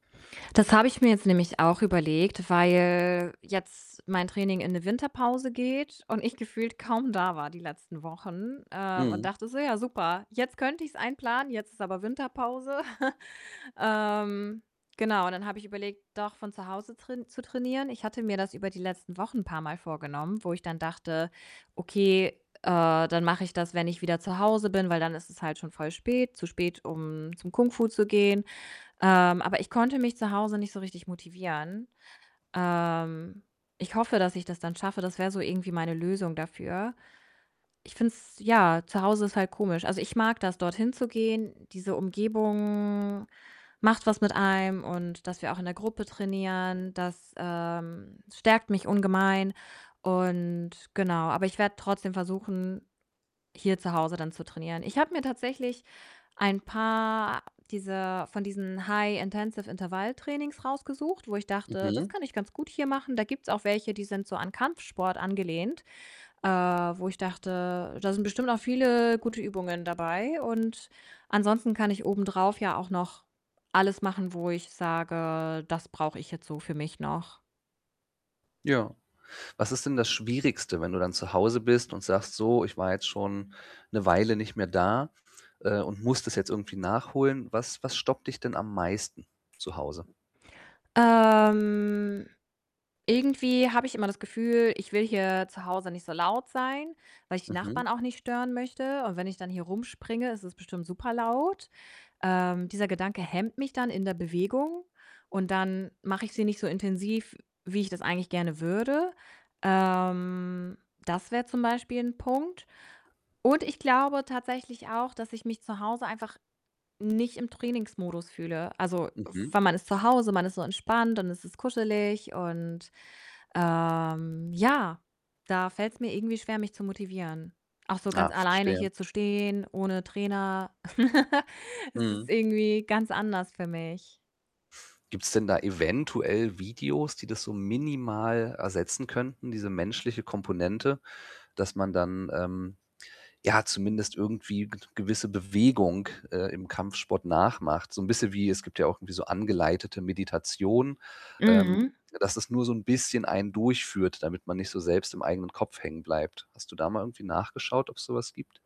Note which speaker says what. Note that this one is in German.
Speaker 1: Das habe ich mir jetzt nämlich auch überlegt, weil jetzt mein Training in 'ne Winterpause geht und ich gefühlt kaum da war die letzten Wochen, ähm, und
Speaker 2: Mhm.
Speaker 1: dachte so: „Ja super, jetzt könnte ich's einplanen, jetzt ist aber Winterpause.“ Ähm, genau, dann habe ich überlegt, doch von zu Hause train zu trainieren. Ich hatte mir das über die letzten Wochen 'n paarmal vorgenommen, wo ich dann dachte: „Okay, äh, dann mache ich das, wenn ich wieder zu Hause bin, weil dann ist es halt schon voll spät zu spät, um zum Kung Fu zu gehen.“ Ähm, aber ich konnte mich zu Hause nicht so richtig motivieren. Ähm, ich hoffe, dass ich das dann schaffe. Das wär so irgendwie meine Lösung dafür. Ich finde es ja, zu Hause ist halt komisch. Also, ich mag das, dorthin zu gehen. Diese Umgebung macht was mit einem, und, dass wir auch in der Gruppe trainieren, das, ähm stärkt mich ungemein und genau, aber ich werde trotzdem versuchen, hier zu Hause dann zu trainieren. Ich habe mir tatsächlich ein paar dieser von diesen High Intensive Intervalltrainings rausgesucht, wo ich dachte, das
Speaker 2: Mhm.
Speaker 1: kann ich ganz gut hier machen. Da gibt's auch welche, die sind so an Kampfsport angelehnt, äh, wo ich dachte, da sind bestimmt auch viele gute Übungen dabei und ansonsten kann ich obendrauf ja auch noch alles machen, wo ich sage: „Das brauche ich jetzt so für mich noch“
Speaker 2: Ja. Was ist denn das Schwierigste, wenn du dann zu Hause bist und sagst: „So, ich war jetzt schon 'ne Weile nicht mehr da, äh, und muss das jetzt irgendwie nachholen?“ Was was stoppt dich denn am meisten zu Hause?
Speaker 1: Ähm, irgendwie habe ich immer das Gefühl, ich will hier zu Hause nicht so laut sein, weil ich die
Speaker 2: Mhm.
Speaker 1: Nachbarn auch nicht stören möchte, und wenn ich dann hier rumspringe, ist es bestimmt super laut. Ähm, dieser Gedanke hemmt mich dann in der Bewegung, und dann mache ich sie nicht so intensiv, wie ich das eigentlich gerne würde. Ähm, das wäre zum Beispiel 'n Punkt und ich glaube tatsächlich auch, dass ich mich zu Hause einfach nicht im Trainingsmodus fühle. Also,
Speaker 2: Mhm.
Speaker 1: weil man ist zu Hause, man ist so entspannt und es ist kuschelig und, ähm, ja, da fällt's mir irgendwie schwer, mich zu motivieren. Auch so ganz
Speaker 2: Ah,
Speaker 1: alleine
Speaker 2: verstehe.
Speaker 1: hier zu stehen, ohne Trainer, das ist
Speaker 2: Mhm.
Speaker 1: irgendwie ganz anders für mich.
Speaker 2: Gibt's denn da eventuell Videos, die das so minimal ersetzen könnten, diese menschliche Komponente, dass man dann, ähm, ja zumindest irgendwie g gewisse Bewegung, äh, im Kampfsport nachmacht, so 'n bisschen wie es gibt ja auch irgendwie so angeleitete Meditation, ähm,
Speaker 1: Mhm.
Speaker 2: dass das nur so 'n bisschen einen durchführt, damit man nicht so selbst im eigenen Kopf hängenbleibt. Hast du da mal irgendwie nachgeschaut, ob's so was gibt?